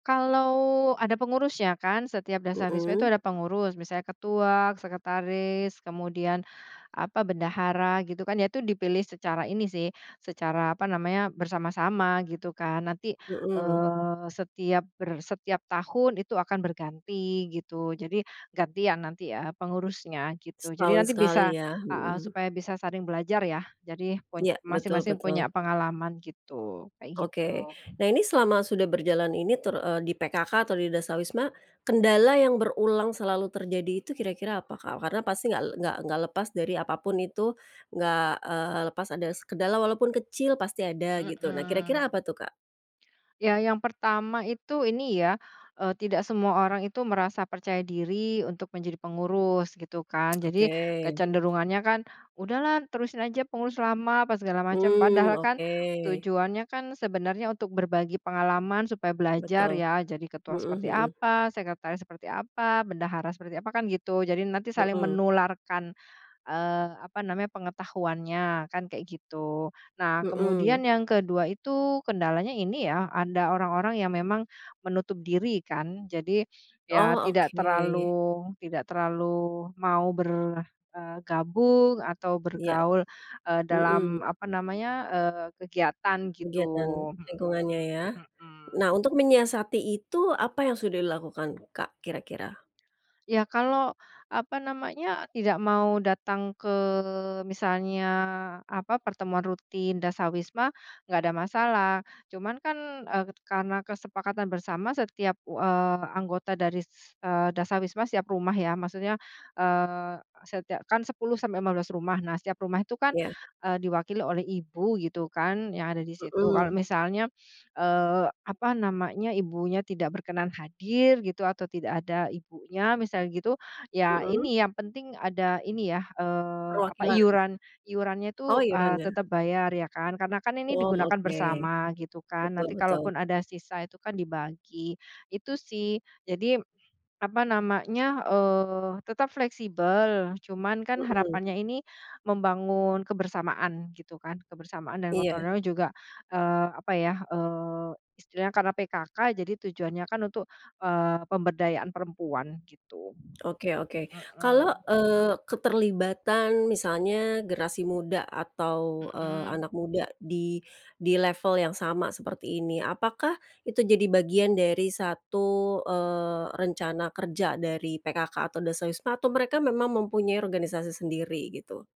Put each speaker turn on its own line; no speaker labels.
Kalau ada pengurusnya kan setiap Dasawisma itu
Mhm.
ada pengurus. Misalnya ketua, sekretaris, kemudian apa, bendahara gitu kan. Ya itu dipilih secara ini sih, secara apa namanya bersama-sama gitu kan. Nanti,
Mhm.
eee, setiap ber setiap tahun itu akan berganti gitu. Jadi ganti, ya nanti, eee, pengurusnya gitu. Jadi
Setahun
nanti bisa
sekali ya.
heeh,
Hmm.
supaya bisa saling belajar ya, jadi pun
Iya, betul
masing-masing
betul.
punya pengalaman gitu, kayak
Oke.
gitu.
Nah, ini selama sudah berjalan ini ter eee, di PKK atau di Dasawisma, kendala yang berulang selalu terjadi itu kira-kira apa, Kak? Karena pasti nggak nggak nggak lepas dari apa pun itu, nggak, eee, lepas ada se kendala walaupun kecil pasti ada gitu, nah
Mhm.
kira-kira apa tuh, Kak?
Ya yang pertama itu, ini ya, eee, tidak semua orang itu merasa percaya diri untuk menjadi pengurus gitu kan. Jadi,
Oke.
kecenderungannya kan, "Udahlah terusin aja pengurus lama," apa segala macam.
Mmm,
Padahal kan
oke.
tujuannya kan sebenarnya untuk berbagi pengalaman supaya belajar
Betul.
ya jadi ketua
Mhm
seperti
mhm.
apa, sekretaris seperti apa, bendahara seperti apa, kan gitu. Jadi, nanti saling
Mhm.
menularkan, eee, apa namanya, pengetahuannya kan kayak gitu. Nah,
Mhm.
kemudian yang ke-2 itu kendalanya ini ya anda orang-orang yang memang menutup diri kan. Jadi ya
Oh,
tidak
oke.
terlalu tidak terlalu mau ber eee, gabung atau
Iya.
bergaul, eee,
Mhm.
dalam apa namanya, eee, kegiatan
Kegiatan
gitu.
lingkungannya ya.
Hmm hmm.
Nah, untuk menyiasati itu apa yang sudah dilakukan, Kak, kira-kira?
Ya, kalau apa namanya, tidak mau datang ke misalnya apa, pertemuan rutin Dasawisma gak ada masalah. Cuma kan, eee, karena kesepakatan bersama setiap u eee, anggota dari ses eee, Dasawisma setiap rumah ya. Maksudnya, eee, setiak kan 10 sampai 15 rumah. Nah, setiap rumah itu kan,
Ya.
eee, diwakili oleh ibu gitu kan yang ada di situ. Kalau
Mhm.
misalnya, eee, apa namanya, ibunya tidak berkenan hadir gitu atau tidak ada ibunya misalnya gitu, ya
Mhm.
ini yang penting ada ini ya, eee, apa,
Perwakilan.
iuran iurannya
Oh,
itu, eee,
iurannya.
tetap bayar ya kan. Karena kan ini
Oh,
digunakan
oke.
bersama gitu kan,
Betul
nanti kalaupun
betul.
ada sisa itu kan dibagi, itu sih. Jadi apa namanya, eee, tetap fleksibel. Cuman kan
Mhm.
harapannya ini membangun kebersamaan gitu kan, kebersamaan dan gotong
Iya.
royong juga, eee, apa ya, eee, istilahnya karena PKK jadi tujuannya kan untuk, eee, pemberdayaan perempuan gitu.
Oke oke. Kalau,
Mhm.
eee, keterlibatan misalnya generasi muda atau, eee,
Mhm.
anak muda di di level yang sama seperti ini, apakah itu jadi bagian dari satu, eee, rencana kerja dari PKK atau Dasawisma atau mereka memang mempunyai organisasi sendiri gitu?